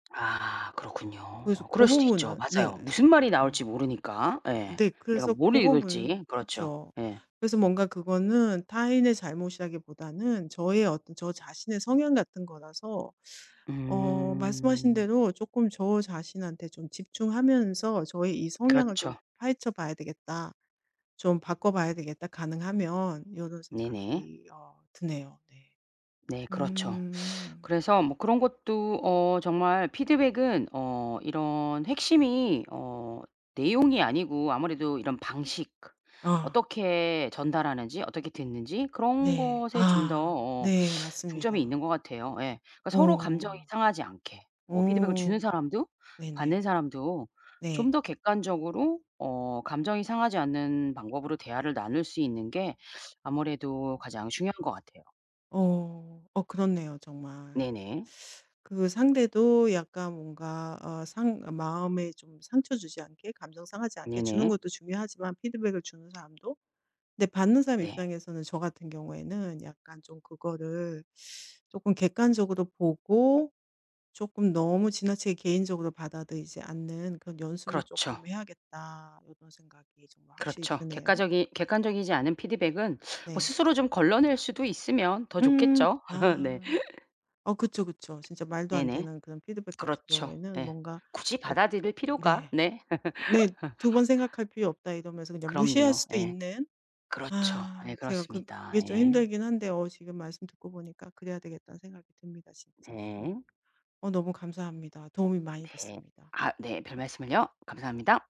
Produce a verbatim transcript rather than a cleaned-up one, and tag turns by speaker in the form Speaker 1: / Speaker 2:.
Speaker 1: 아 그렇군요.
Speaker 2: 그래서
Speaker 1: 어
Speaker 2: 고
Speaker 1: 그럴 수도 있죠.
Speaker 2: 부분은 네.
Speaker 1: 맞아요. 무슨 말이 나올지
Speaker 2: 음.
Speaker 1: 모르니까. 예.
Speaker 2: 네
Speaker 1: 내가
Speaker 2: 그래서
Speaker 1: 뭘
Speaker 2: 고 부분은
Speaker 1: 읽을지 그렇죠.
Speaker 2: 그쵸.
Speaker 1: 예.
Speaker 2: 그래서 뭔가 그거는 타인의 잘못이라기보다는 저의 어떤 저 자신의 성향 같은 거라서 어 말씀하신
Speaker 1: 음.
Speaker 2: 대로 '쪼끔 저 자신한테 좀 집중하면서 저의 이 성향을 좀
Speaker 1: 그렇죠.
Speaker 2: 파헤쳐 봐야 되겠다. 좀 바꿔봐야 되겠다 가능하면.' 요런
Speaker 1: 네네.
Speaker 2: 생각이 어 드네요. 네.
Speaker 1: 네 그렇죠.
Speaker 2: 음.
Speaker 1: 그래서 뭐 그런 것도 어 정말 피드백은 어 이런 핵심이 어 내용이 아니고 아무래도 이런 방식 그
Speaker 2: 아.
Speaker 1: 어떻게 전달하는지 어떻게 됐는지 그런
Speaker 2: 네.
Speaker 1: 것에 좀 더
Speaker 2: 아.
Speaker 1: 어
Speaker 2: 네
Speaker 1: 중점이 있는 것
Speaker 2: 맞습니다.
Speaker 1: 같아요. 예. 그러니까 서로 감정이
Speaker 2: 어.
Speaker 1: 상하지 않게 뭐 피드백을 주는
Speaker 2: 어
Speaker 1: 사람도 받는
Speaker 2: 네네.
Speaker 1: 사람도 좀
Speaker 2: 네.
Speaker 1: 더 객관적으로 어 감정이 상하지 않는 방법으로 대화를 나눌 수 있는 게 아무래도 가장 중요한 것 같아요.
Speaker 2: 어. 어 그렇네요 정말.
Speaker 1: 네네.
Speaker 2: 그 상대도 약간 뭔가 어 상 마음에 좀 상처 주지 않게 감정 상하지 않게 주는
Speaker 1: 네네.
Speaker 2: 것도 중요하지만 피드백을 주는 사람도 근데 받는 사람
Speaker 1: 네.
Speaker 2: 입장에서는 저 같은 경우에는 약간 좀 그거를 '쪼금 객관적으로 보고 쪼끔 너무 지나치게 개인적으로 받아들이지 않는 그런 연습을 쪼끔
Speaker 1: 그렇죠.
Speaker 2: 해야겠다.' 이런 생각이 좀 확실히
Speaker 1: 그렇죠.
Speaker 2: 드네요.
Speaker 1: 객과적이 객관적이지 않은 피드백은 뭐
Speaker 2: 네.
Speaker 1: 스스로 좀 걸러낼 수도 있으면 더
Speaker 2: 음.
Speaker 1: 좋겠죠. 네.
Speaker 2: 아. 어 그쵸, 그쵸. 진짜 말도 안
Speaker 1: 네네.
Speaker 2: 되는 그런 피드백 같은
Speaker 1: 그렇죠.
Speaker 2: 경우에는
Speaker 1: 네.
Speaker 2: 뭔가
Speaker 1: 굳이
Speaker 2: 엇
Speaker 1: 받아들일 필요가
Speaker 2: 네.
Speaker 1: 네.
Speaker 2: 네. '두 번 생각할 필요 없다.' 이러면서 그냥 무시할
Speaker 1: 그럼요.
Speaker 2: 수도
Speaker 1: 예.
Speaker 2: 있는.
Speaker 1: 그렇죠.
Speaker 2: 아
Speaker 1: 예
Speaker 2: 제가 그
Speaker 1: 그렇습니다.
Speaker 2: 그게 좀
Speaker 1: 예.
Speaker 2: 힘들긴 한데 어 지금 말씀 듣고 보니까 그래야 되겠다는 생각이 듭니다 진짜. 어.
Speaker 1: 네.
Speaker 2: 어 너무 감사합니다. 도움이 많이
Speaker 1: 네.
Speaker 2: 됐습니다.
Speaker 1: 아 네 별말씀을요. 감사합니다.